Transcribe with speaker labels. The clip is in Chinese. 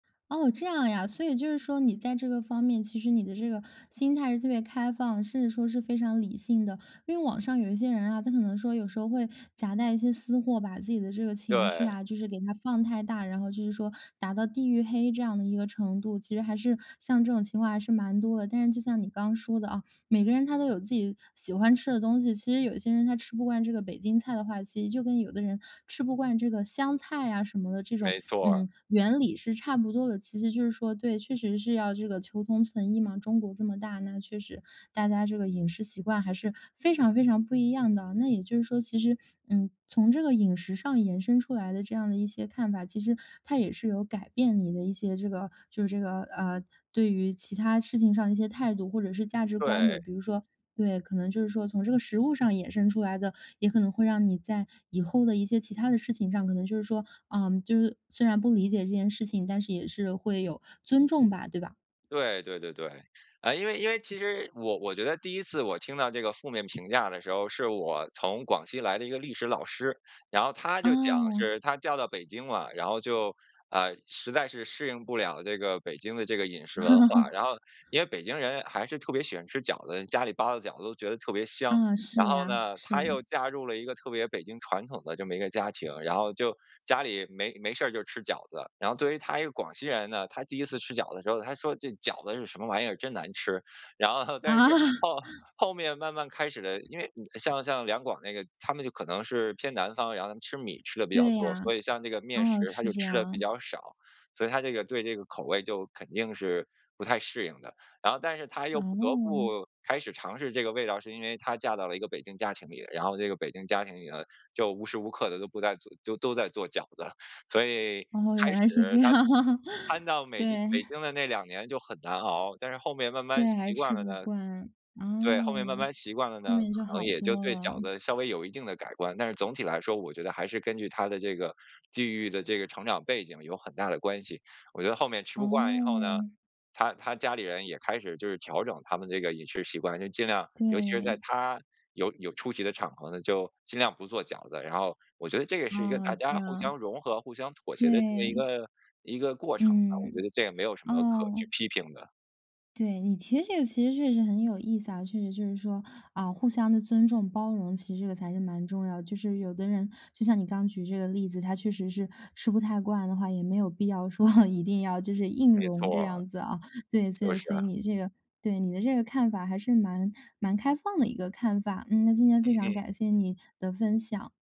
Speaker 1: 哦，这样呀，所以就是说你在这个方面，其实你的这个心态是特别开放，甚至说是非常理性的。因为网上有一些人啊，他可能说有时候会夹带一些私货，把自己的这个情绪
Speaker 2: 对。
Speaker 1: 啊，就是给它放太大，然后就是说达到地狱黑这样的一个程度，其实还是像这种情况还是蛮多的。但是就像你刚说的啊，每个人他都有自己喜欢吃的东西，其实有些人他吃不惯这个北京菜的话，其实就跟有的人吃不惯这个香菜啊什么的这种，
Speaker 2: 没错儿。
Speaker 1: 嗯，原理是差不多的。其实就是说对，确实是要这个求同存异嘛。中国这么大，那确实大家这个饮食习惯还是非常非常不一样的。那也就是说，其实，嗯，从这个饮食上延伸出来的这样的一些看法，其实它也是有改变你的一些这个就是这个，呃，对于其它事情上的一些态度或者是价值观的。
Speaker 2: 对。
Speaker 1: 比如说对，可能就是说从这个食物上衍生出来的，也可能会让你在以后的一些其它的事情上，可能就是说，嗯，就是虽然不理解这件事情，但是也是会有尊重吧，对吧？
Speaker 2: 对对对对，啊，因为因为其实我我觉得第1次我听到这个负面评价的时候，是我从广西来的一个历史老师，然后她就讲
Speaker 1: 哦。
Speaker 2: 是她嫁到北京了，然后就，呃，实在是适应不了这个北京的这个饮食文化。然后因为北京人还是特别喜欢吃饺子，家里包的饺子都觉得特别香，
Speaker 1: 嗯，是
Speaker 2: 然后
Speaker 1: 呀，
Speaker 2: 呢，
Speaker 1: 是
Speaker 2: 她
Speaker 1: 呀。
Speaker 2: 又嫁入了一个特别北京传统的这么一个家庭，然后就家里没没事儿就吃饺子，然后作为她一个广西人呢，她第1次吃饺子的时候，她说这饺子是什么玩意儿，真难吃，然后后但是
Speaker 1: 啊。
Speaker 2: 后后面慢慢开始的，因为像像两广那个，他们就可能是偏南方，然后他们吃米吃的比较
Speaker 1: 对
Speaker 2: 多，所
Speaker 1: 呀，
Speaker 2: 以像这个面
Speaker 1: 哦，
Speaker 2: 食她
Speaker 1: 是
Speaker 2: 就
Speaker 1: 这
Speaker 2: 吃的比
Speaker 1: 样。
Speaker 2: 较少，所以她这个对这个口味就肯定是不太适应的。然后但是她又不得
Speaker 1: 哦。
Speaker 2: 不开始尝试这个味道，是因为她嫁到了一个北京家庭里，然后这个北京家庭里头，就无时无刻的都不在就都在做饺子，所以开始她
Speaker 1: 哦，原来是这样。
Speaker 2: 搬到北京
Speaker 1: 对。
Speaker 2: 北京的那两年就很难熬，但是后面慢
Speaker 1: 对，
Speaker 2: 慢
Speaker 1: 还是
Speaker 2: 习惯
Speaker 1: 吃
Speaker 2: 了
Speaker 1: 不
Speaker 2: 呢
Speaker 1: 惯。啊，
Speaker 2: 对，后面慢慢习惯了
Speaker 1: 后
Speaker 2: 呢，
Speaker 1: 面就
Speaker 2: 可
Speaker 1: 好
Speaker 2: 能也就
Speaker 1: 多
Speaker 2: 对饺
Speaker 1: 了。
Speaker 2: 子稍微有一定的改观，但是总体来说，我觉得还是根据她的这个地域的这个成长背景有很大的关系，我觉得后面吃不惯以后呢，
Speaker 1: 哦。
Speaker 2: 她她家里人也开始就是调整他们这个饮食习惯，就尽量尤其是在
Speaker 1: 对。
Speaker 2: 她有有出席的场合呢，就尽量不做饺子。然后我觉得这也是一个
Speaker 1: 哦，
Speaker 2: 大
Speaker 1: 这
Speaker 2: 家互
Speaker 1: 样。
Speaker 2: 相融合，互相妥
Speaker 1: 对。
Speaker 2: 协的这么一个一个过程，啊我觉
Speaker 1: 嗯，
Speaker 2: 得这也没有什么可
Speaker 1: 哦。
Speaker 2: 去批评的。
Speaker 1: 对，你提的这个其实确实很有意思啊，确实就是说啊互相的尊重包容，其实这个才是蛮重要的。就是有的人就像你刚举这个例子，她确实是吃不太惯的话，也没有必要说 一定要就是硬
Speaker 2: 没
Speaker 1: 容
Speaker 2: 错
Speaker 1: 这
Speaker 2: 啊，
Speaker 1: 样子啊。对，所
Speaker 2: 就
Speaker 1: 以
Speaker 2: 是
Speaker 1: 所以
Speaker 2: 啊。
Speaker 1: 你这个对，你的这个看法还是蛮蛮开放的一个看法，嗯，那今天非
Speaker 2: 嗯
Speaker 1: 常
Speaker 2: 嗯。
Speaker 1: 感谢你的分享。